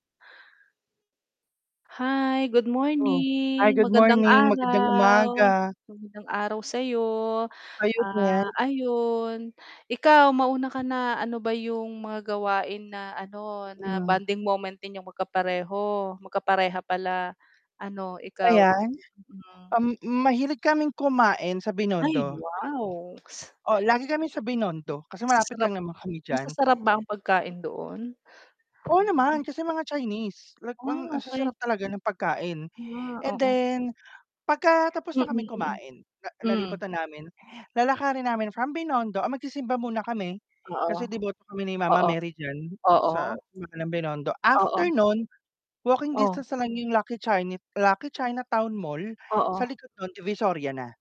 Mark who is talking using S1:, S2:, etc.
S1: Hi, good
S2: Oh, hi,
S1: morning,
S2: good
S1: magandang
S2: morning, magandang
S1: araw.
S2: umaga.
S1: Magandang araw sa'yo.
S2: Ayon nga.
S1: Ah, ayon, ikaw mauna ka na, ano ba 'yong mga gawain na ano na
S2: Mm.
S1: bonding moment ninyong magkapareho magkapareha pala ano, ikaw?
S2: Ayan.
S1: Mm.
S2: Um, mahilig kaming kumain sa
S1: Ay,
S2: Binondo.
S1: wow!
S2: Oo, lagi kami sa Binondo kasi malapit
S1: Masasarap
S2: lang naman kami diyan.
S1: masasarap ba ang pagkain doon? mhm.
S2: Oo naman, kasi mga Chinese, like
S1: Ah
S2: ang ang sa
S1: okey.
S2: sarap talaga ng pagkain,
S1: Yeah,
S2: and
S1: oo.
S2: then pagka tapos
S1: Mm,
S2: na kaming
S1: mm.
S2: kumain na nalibot
S1: Mm.
S2: namin, lalakarin namin from Binondo ah, magsisimba muna kami,
S1: Oo.
S2: kasi deboto kami ni mama
S1: Oo.
S2: Mary diyan
S1: Oo.
S2: sa ng Binondo. After
S1: Oo.
S2: no'n, walking
S1: Oh.
S2: distance na lang 'yong Lucky Chin Lucky China Town Mall, sa
S1: Oo.
S2: likod no'n Divisoria na.